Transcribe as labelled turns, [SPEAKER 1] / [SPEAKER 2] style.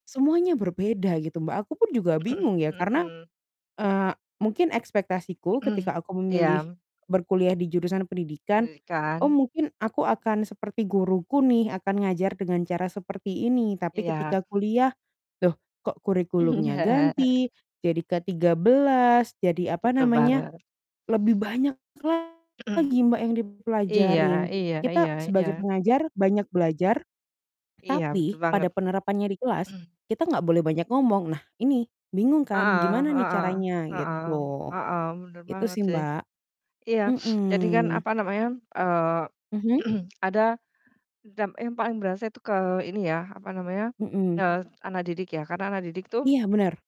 [SPEAKER 1] Semuanya berbeda gitu, Mbak, aku pun juga bingung ya karena,
[SPEAKER 2] Mhm.
[SPEAKER 1] eee, mungkin ekspektasiku ketika aku memilih
[SPEAKER 2] Iya.
[SPEAKER 1] berkuliah di jurusan pendidikan,
[SPEAKER 2] I
[SPEAKER 1] "Oh,
[SPEAKER 2] kan?
[SPEAKER 1] mungkin aku akan seperti guruku nih, akan ngajar dengan cara seperti ini." Tapi
[SPEAKER 2] Iya.
[SPEAKER 1] ketika kuliah, "loh, kok, kurikulumnya
[SPEAKER 2] Mhm.
[SPEAKER 1] ganti jadi K13, jadi apa
[SPEAKER 2] Betul
[SPEAKER 1] namanya"
[SPEAKER 2] banget.
[SPEAKER 1] lebih banyak lagi, Mbak, yang
[SPEAKER 2] Iya
[SPEAKER 1] dipelajarin.
[SPEAKER 2] iya iya
[SPEAKER 1] Kita sebagai
[SPEAKER 2] iya.
[SPEAKER 1] pengajar banyak belajar,
[SPEAKER 2] Iya, betul
[SPEAKER 1] tapi pada
[SPEAKER 2] banget.
[SPEAKER 1] penerapannya di kelas, kita enggak boleh banyak ngomong, nah, ini bingung kan
[SPEAKER 2] Heeh
[SPEAKER 1] gimana nih
[SPEAKER 2] heeh
[SPEAKER 1] caranya,
[SPEAKER 2] heeh
[SPEAKER 1] gitu.
[SPEAKER 2] heeh, bener
[SPEAKER 1] Itu,
[SPEAKER 2] banget
[SPEAKER 1] sih,
[SPEAKER 2] sih.
[SPEAKER 1] Mbak,
[SPEAKER 2] Iya, jadi kan,
[SPEAKER 1] mhm.
[SPEAKER 2] apa namanya eee,
[SPEAKER 1] Mhm.
[SPEAKER 2] ada dampak yang paling berasa itu ke ini ya, apa namanya,
[SPEAKER 1] Mhm.
[SPEAKER 2] eee, anak didik, ya, karena anak didik tuh
[SPEAKER 1] Iya, benar.